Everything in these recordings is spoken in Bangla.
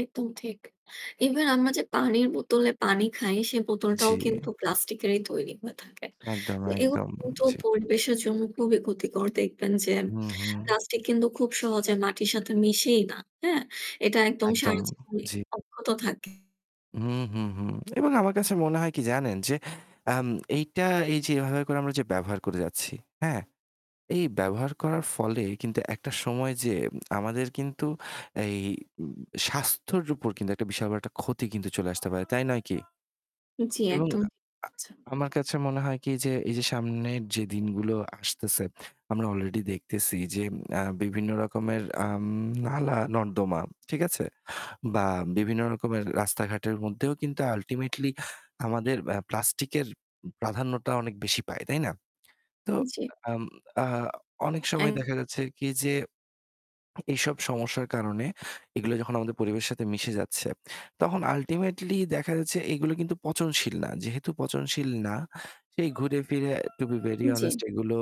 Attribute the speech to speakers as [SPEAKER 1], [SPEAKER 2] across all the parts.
[SPEAKER 1] একদম ঠিক। Even আমরা যে পানির বোতলে পানি খাই সে
[SPEAKER 2] জি।
[SPEAKER 1] বোতলটাও কিন্তু প্লাস্টিক এরই তৈরি হয়ে থাকে।
[SPEAKER 2] একদম,
[SPEAKER 1] তো এগুলো
[SPEAKER 2] একদম।
[SPEAKER 1] কিন্তু
[SPEAKER 2] জি।
[SPEAKER 1] পরিবেশের জন্য খুবই ক্ষতিকর। দেখবেন যে
[SPEAKER 2] হুম, হুম।
[SPEAKER 1] প্লাস্টিক কিন্তু খুব সহজে মাটির সাথে মিশেই না, হ্যাঁ? এটা একদম
[SPEAKER 2] একদম,
[SPEAKER 1] সারা জীবনই
[SPEAKER 2] জি।
[SPEAKER 1] অব্যাহত থাকে।
[SPEAKER 2] হুম, হুম, হুম। এবং আমার কাছে মনে হয় কি জানেন? যে আম এইটা এই যে এভাবে করে আমরা যে ব্যবহার করে যাচ্ছি, হ্যাঁ? এই ব্যবহার করার ফলে কিন্তু একটা সময় যেয়ে আমাদের কিন্তু এই উম স্বাস্থ্যের উপর কিন্তু একটা বিশাল বড় একটা ক্ষতি কিন্তু চলে আসতে পারে, তাই নয় কি?
[SPEAKER 1] জি,
[SPEAKER 2] এবং
[SPEAKER 1] একদম।
[SPEAKER 2] আ আ
[SPEAKER 1] আচ্ছা।
[SPEAKER 2] আমার কাছে মনে হয় কি যে এই যে সামনের যে দিনগুলো আসতেছে, আমরা already দেখতেছি যে আ বিভিন্ন রকমের আম নালা-নর্দমা, ঠিক আছে? বা বিভিন্ন রকমের রাস্তাঘাটের মধ্যেও কিন্তু ultimately আমাদের অ্যা প্লাস্টিকের প্রাধান্যটা অনেক বেশি পায়, তাই না? তো
[SPEAKER 1] জি।
[SPEAKER 2] আম আ অনেক সময় দেখা
[SPEAKER 1] [unintelligible]
[SPEAKER 2] যাচ্ছে কি যে এইসব সমস্যার কারণে এগুলো যখন আমাদের পরিবেশ সাথে মিশে যাচ্ছে, তখন ultimately দেখা যাচ্ছে এগুলো কিন্তু পচনশীল না। যেহেতু পচনশীল না, সেই ঘুরে ফিরে to be very honest
[SPEAKER 1] জি।
[SPEAKER 2] এগুলো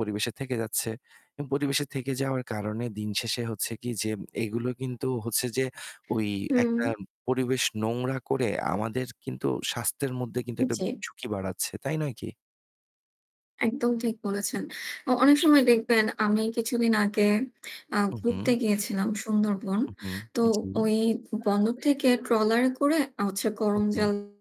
[SPEAKER 2] পরিবেশে থেকে যাচ্ছে। এবং পরিবেশে থেকে যাওয়ার কারণে দিনশেষে হচ্ছে কি যে এইগুলো কিন্তু হচ্ছে যে ওই
[SPEAKER 1] হুম।
[SPEAKER 2] একটা পরিবেশ নোংরা করে আমাদের কিন্তু স্বাস্থ্যের মধ্যে কিন্তু একটা
[SPEAKER 1] জি।
[SPEAKER 2] ঝুঁকি বাড়াচ্ছে, তাই নয় কি?
[SPEAKER 1] একদম ঠিক বলেছেন। অ অনেক সময় দেখবেন, আমি কিছুদিন আগে আ
[SPEAKER 2] হুম,
[SPEAKER 1] ঘুরতে
[SPEAKER 2] হুম।
[SPEAKER 1] গিয়েছিলাম সুন্দরবন।
[SPEAKER 2] হুম, হুম।
[SPEAKER 1] তো
[SPEAKER 2] জি।
[SPEAKER 1] ওই বন্দর থেকে ট্রলারে করে আ হচ্ছে
[SPEAKER 2] হু, হু।
[SPEAKER 1] করমজল